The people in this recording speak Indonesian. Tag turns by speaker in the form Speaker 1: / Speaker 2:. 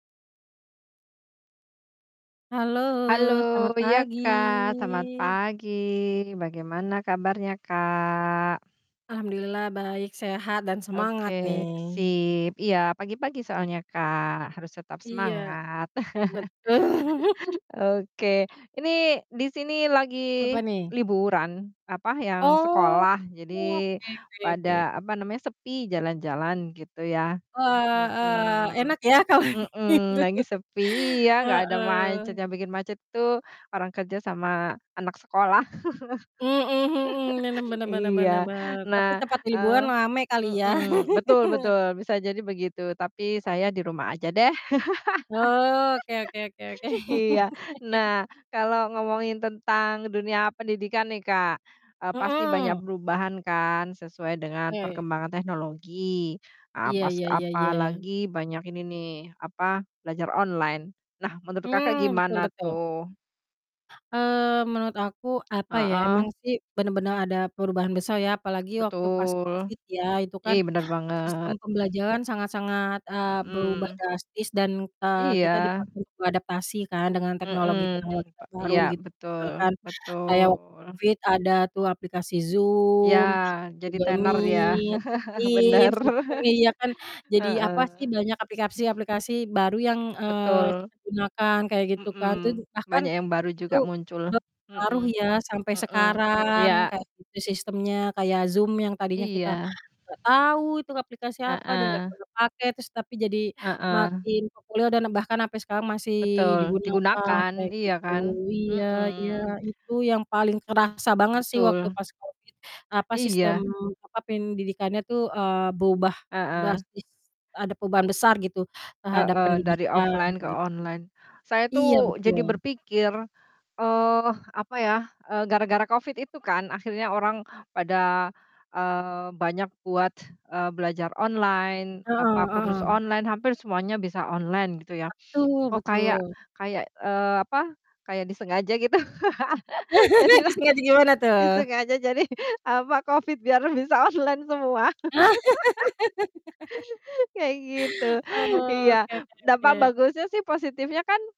Speaker 1: Halo,
Speaker 2: Halo,
Speaker 1: selamat
Speaker 2: iya
Speaker 1: pagi.
Speaker 2: Kak, selamat pagi. Bagaimana kabarnya Kak?
Speaker 1: Alhamdulillah baik, sehat, dan
Speaker 2: Oke,
Speaker 1: semangat nih.
Speaker 2: sip, iya, pagi-pagi soalnya Kak, harus tetap
Speaker 1: Iya.
Speaker 2: semangat.
Speaker 1: Betul.
Speaker 2: Oke, ini di sini lagi
Speaker 1: Apa nih?
Speaker 2: liburan apa, yang
Speaker 1: Oh,
Speaker 2: sekolah,
Speaker 1: oke
Speaker 2: jadi
Speaker 1: oke oke.
Speaker 2: pada, apa namanya, sepi jalan-jalan gitu ya.
Speaker 1: Wah, heeh,
Speaker 2: Mhm,
Speaker 1: enak ya kalau
Speaker 2: mhm,
Speaker 1: gitu.
Speaker 2: lagi sepi, iya, gak ada macet,
Speaker 1: Heeh.
Speaker 2: yang bikin macet tuh orang kerja sama anak sekolah.
Speaker 1: Mhm mhm, bener bener bener bener
Speaker 2: Iya,
Speaker 1: bener, tapi
Speaker 2: nah,
Speaker 1: tempat liburan
Speaker 2: eee
Speaker 1: rame kali ya?
Speaker 2: mhm, betul betul, bisa jadi begitu, tapi saya di rumah aja deh.
Speaker 1: Oh, oke oke oke oke.
Speaker 2: Iya. Nah kalau ngomongin tentang dunia pendidikan nih Kak, eee, pasti banyak
Speaker 1: Mhm.
Speaker 2: perubahan kan sesuai dengan
Speaker 1: Oke.
Speaker 2: perkembangan teknologi.
Speaker 1: Iya
Speaker 2: Apas
Speaker 1: iya iya iya.
Speaker 2: apalagi banyak ini nih apa, belajar online. Nah menurut Kakak
Speaker 1: Mmm, betul
Speaker 2: gimana
Speaker 1: betul.
Speaker 2: tuh?
Speaker 1: Eee, menurut aku, apa ya, emang
Speaker 2: Heeh.
Speaker 1: sih bener-bener ada perubahan besar ya apalagi waktu pas
Speaker 2: Betul.
Speaker 1: Covid ya, itu kan
Speaker 2: Ih, bener
Speaker 1: sistem
Speaker 2: banget.
Speaker 1: pembelajaran sangat-sangat, eee, berubah
Speaker 2: Mhm.
Speaker 1: drastis dan, eee, kita
Speaker 2: Iya.
Speaker 1: dipaksa untuk beradaptasi kan dengan teknologi-teknologi
Speaker 2: Mhm, pa
Speaker 1: terbaru
Speaker 2: iya,
Speaker 1: gitu.
Speaker 2: betul
Speaker 1: Misalkan kayak waktu
Speaker 2: betul.
Speaker 1: Covid ada tuh aplikasi
Speaker 2: Ya,
Speaker 1: Zoom,
Speaker 2: jadi
Speaker 1: Google
Speaker 2: tenar dia.
Speaker 1: Meet,
Speaker 2: Bener.
Speaker 1: Teams gitu kan, iya kan. Jadi,
Speaker 2: Heeh.
Speaker 1: apa sih, banyak aplikasi-aplikasi baru yang, eee,
Speaker 2: Betul.
Speaker 1: kita gunakan kayak gitu kan. Terus
Speaker 2: Mhm,
Speaker 1: bahkan
Speaker 2: banyak yang baru
Speaker 1: itu
Speaker 2: juga muncul.
Speaker 1: berpengaruh
Speaker 2: Mhm,
Speaker 1: ya sampai
Speaker 2: mhm,
Speaker 1: sekarang
Speaker 2: iya.
Speaker 1: kayak gitu sistemnya kayak Zoom yang tadinya kita
Speaker 2: Iya.
Speaker 1: gak tau itu aplikasi apa dan gak
Speaker 2: Heeh.
Speaker 1: pernah pakai, terus tapi jadi
Speaker 2: Heeh.
Speaker 1: makin populer dan bahkan sampe sekarang masih
Speaker 2: Betul,
Speaker 1: digunakan kayak
Speaker 2: digunakan, iya
Speaker 1: gitu.
Speaker 2: kan?
Speaker 1: Iya
Speaker 2: Mhm.
Speaker 1: iya. Itu yang paling kerasa banget sih waktu
Speaker 2: Betul.
Speaker 1: pas Covid, eee, apa sistem
Speaker 2: Iya.
Speaker 1: apa, pendidikannya tuh, eee, berubah
Speaker 2: Heeh.
Speaker 1: drastis, ada perubahan besar gitu terhadap
Speaker 2: Heeh dari
Speaker 1: pendidikan
Speaker 2: offline ke
Speaker 1: gitu.
Speaker 2: online. Saya
Speaker 1: Iya,
Speaker 2: tuh jadi
Speaker 1: betul.
Speaker 2: berpikir, eee, apa ya, eee, gara-gara Covid itu kan akhirnya orang pada, eee, banyak buat, eee, belajar online,
Speaker 1: Heeh
Speaker 2: apa, kursus
Speaker 1: heeh.
Speaker 2: online, hampir semuanya bisa online gitu ya.
Speaker 1: Betul
Speaker 2: Kok kayak
Speaker 1: betul.
Speaker 2: kayak eee, apa, kayak disengaja gitu, jadilah
Speaker 1: Disengaja gimana tuh?
Speaker 2: disengaja, jadi, apa, Covid biar bisa online semua.
Speaker 1: Ah.
Speaker 2: Kayak gitu, iya.
Speaker 1: Oke oke
Speaker 2: Dampak
Speaker 1: oke.
Speaker 2: bagusnya sih positifnya kan